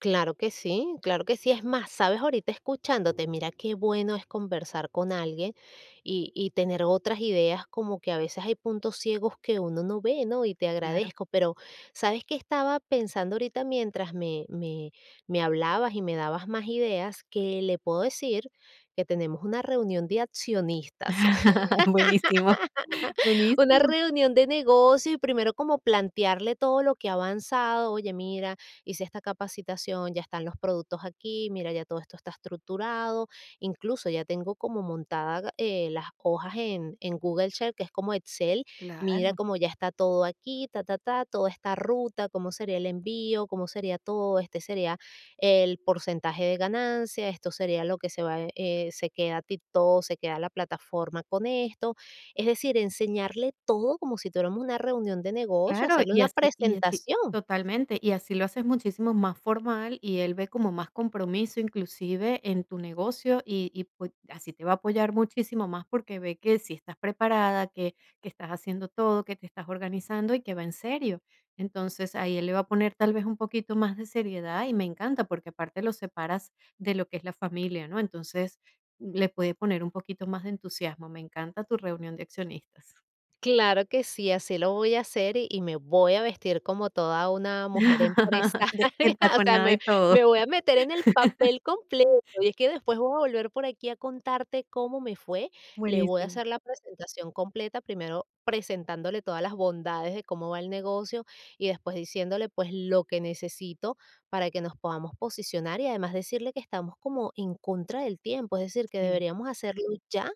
Claro que sí, claro que sí. Es más, ¿sabes? Ahorita escuchándote, mira qué bueno es conversar con alguien y y tener otras ideas. Como que a veces hay puntos ciegos que uno no ve, ¿no? Y te Claro. agradezco. Pero, ¿sabes qué estaba pensando ahorita mientras me me me hablabas y me dabas más ideas? Que le puedo decir que tenemos una reunión de accionistas. Buenísimo, Una buenísimo. reunión de negocio y primero como plantearle todo lo que ha avanzado. Oye, mira, hice esta capacitación, ya están los productos aquí, mira, ya todo esto está estructurado. Incluso, ya tengo como montada, eh, las hojas en en Google Sheets, que es como Excel. Mira Claro. como ya está todo aquí, ta, ta, ta, toda esta ruta, cómo sería el envío, cómo sería todo, este sería el porcentaje de ganancia, esto sería lo que se va, eh, se queda TikTok, se queda la plataforma con esto. Es decir, enseñarle todo como si tuviéramos una reunión de negocio, Claro, hacerle y una así y así presentación. totalmente, y así lo haces muchísimo más formal, y él ve como más compromiso, inclusive, en tu negocio, y y pue así te va a apoyar muchísimo más, porque ve que sí estás preparada, que que estás haciendo todo, que te estás organizando y que va en serio. Entonces ahí él le va a poner, tal vez, un poquito más de seriedad, y me encanta, porque aparte los separas de lo que es la familia, ¿no? Entonces, le puede poner un poquito más de entusiasmo. Me encanta tu reunión de accionistas. Claro que sí, así lo voy a hacer y y me voy a vestir como toda una mujer empresaria. De O sea, entaconada me y todo. me voy a meter en el papel completo, y es que después voy a volver por aquí a contarte cómo me fue. Le voy a Buenísimo. hacer la presentación completa, primero presentándole todas las bondades de cómo va el negocio y después diciéndole, pues, lo que necesito para que nos podamos posicionar, y además decirle que estamos como en contra del tiempo, es decir, que Sí. deberíamos hacerlo ya.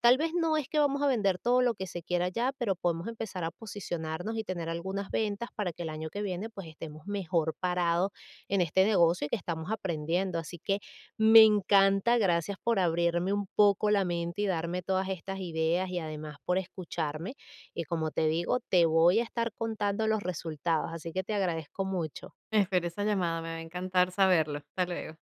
Tal vez no es que vamos a vender todo lo que se quiera ya, pero podemos empezar a posicionarnos y tener algunas ventas para que el año que viene, pues, estemos mejor parados en este negocio que estamos aprendiendo. Así que, me encanta. Gracias por abrirme un poco la mente y darme todas estas ideas y además por escucharme. Y como te digo, te voy a estar contando los resultados, así que te agradezco mucho. Espero esa llamada, me va a encantar saberlo. Hasta luego.